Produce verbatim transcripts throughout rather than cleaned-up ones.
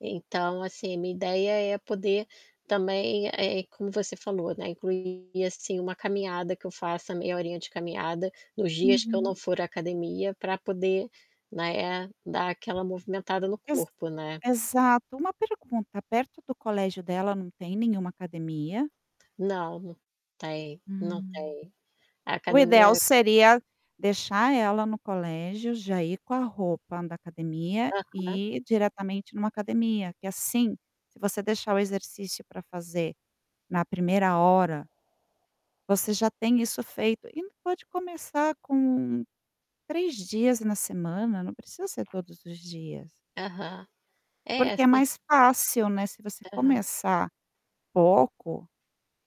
Então, assim, minha ideia é poder também é é como você falou, né, incluir assim uma caminhada que eu faça meia horinha de caminhada, nos dias que eu não Uhum. for à academia para poder, né, dar aquela movimentada no Ex corpo, né. exato, uma pergunta, perto do colégio dela não tem nenhuma academia? Não, não tem, não Hum. tem. A O ideal academia seria deixar ela no colégio, já ir com a roupa da academia Aham. e ir diretamente em uma academia que assim, se você deixar o exercício para fazer na primeira hora, você já tem isso feito e ainda pode começar com três dias na semana, não precisa ser todos os dias. Aham. É, Porque é assim mais fácil, né, se você Aham. começar pouco,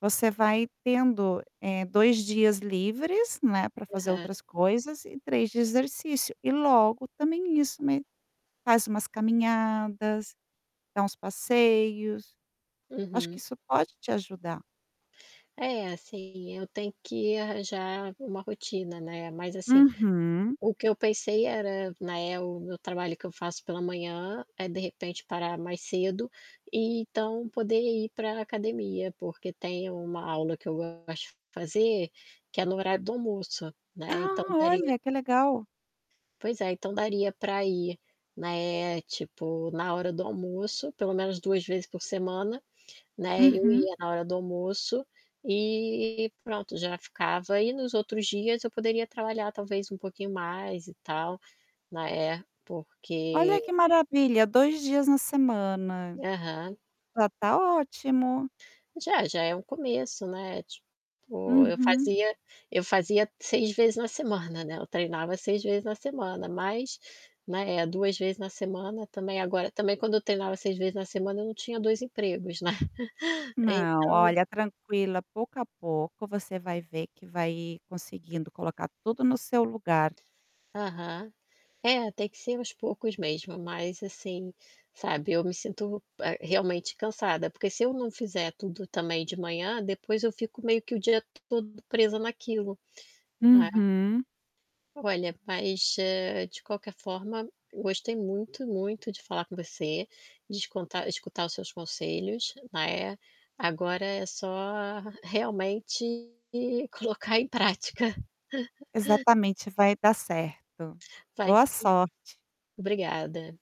você vai tendo, eh, dois dias livres, né, para fazer Aham. outras coisas e três de exercício, e logo também isso me faz umas caminhadas, dá uns passeios, acho que Uhum. isso pode te ajudar. É, assim, eu tenho que arranjar uma rotina, né, mas assim, Uhum. o que eu pensei era, né, o meu trabalho que eu faço pela manhã, é de repente parar mais cedo, e então poder ir para academia, porque tem uma aula que eu gosto de fazer, que é no horário do almoço, né, então Ah, daria olha, que legal. Pois é, então daria para ir, né, tipo na hora do almoço, pelo menos duas vezes por semana, né, eu Uhum. ia na hora do almoço, e pronto, já ficava e nos outros dias eu poderia trabalhar talvez um pouquinho mais e tal, né, Olha porque que maravilha, dois dias na semana. Aham. Já tá ótimo. Já, já é um começo, né, tipo, eu Uhum. fazia eu fazia seis vezes na semana, né, eu treinava seis vezes na semana, mas, né, duas vezes na semana, também agora também quando eu treinava seis vezes na semana eu não tinha dois empregos, né. Então Não, olha, tranquila, pouco a pouco você vai ver que vai conseguindo colocar tudo no seu lugar. Aham. É, tem que ser aos poucos mesmo, mas assim, sabe, eu me sinto, eh, realmente cansada porque se eu não fizer tudo também de manhã, depois eu fico meio que o dia todo presa naquilo, né. Uhum. Olha, mas, de qualquer forma, gostei muito, muito de falar com você, de esconta escutar os seus conselhos, né, agora é só realmente colocar em prática. Exatamente, vai dar certo. Vai Boa sim. sorte. Obrigada.